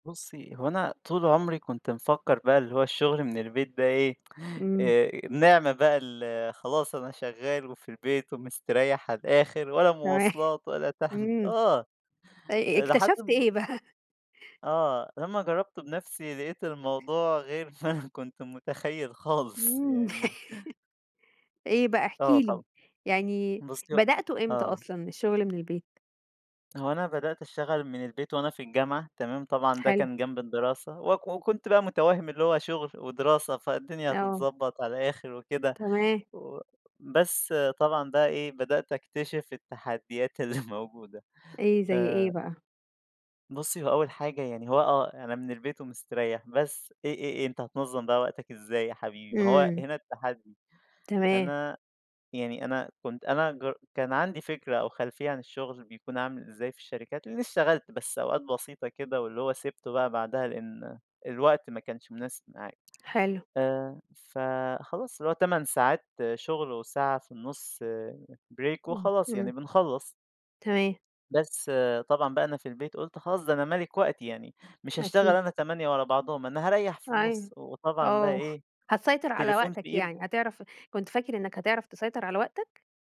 بُصّي هو أنا طول عُمري كنت مفكّر بقى اللي هو الشغل من البيت ده إيه، إمم. آآ، نعمة بقى ال خلاص أنا شغال وفي البيت ومسترّيح على الآخر ولا تمام، مواصلات ولا تعب، إمم آه، أ أ آآ، لحد اكتشفت م إيه بقى؟ آه، لمّا جرّبت بنَفسي لقيت الموضوع غير ما أنا كنت متخيل خالص إمم، يعني. إيه بقى إحكِ آه لي، طبعًا، يعني بُصّي هو بدأته إمتى آه. أصلًا الشغل من البيت؟ هو أنا بدأت اشتغل من البيت وأنا في الجامعة، تمام؟ طبعًا ده حلو. كان جنب الدراسة، وك إمم. وكنت بقى مُتوهِّم اللي هو شغل ودراسة، فالدنيا آه. هتتضبّط على الآخر وكده تمام. و بس طبعًا بقى إيه، بدأت أكتشف التحديات اللي موجودة إيه، زي إيه آآ بقى؟ بُصّي هو أول حاجة، يعني هو آه أنا من البيت ومستريّح بس إيه إيه إيه، أنت هتنظّم بقى وقتك إزاي يا حبيبي؟ ما هو إمم. هنا التحدي، تمام. أنا يعني أنا كنت أنا جر كان عندي فكرة أو خلفية عن الشغل بيكون عامل إزاي في الشركات، لإنّي اشتغلت بس أوقات بسيطة كده واللي هو سِبته بقى بعدها لإن الوقت ما كانش مناسب معايا، حلو. آآ، فخلاص اللي هو 8 ساعات شغل وساعة في النُص break إمم، وخلاص يعني إمم. بنخلّص. تمام. بس طبعًا بقى أنا في البيت، قُلت خلاص ده أنا ملِك وقتي يعني مش هاشتغل أكيد. أنا 8 ورا بعضهم، أنا هاريّح في أيوه، النُص، وطبعًا بقى آه، إيه، هتسيطر على التليفون في وقتك إيد يعني، هتعرف كنت فاكر إنّك هتعرف تسيطر على وقتك؟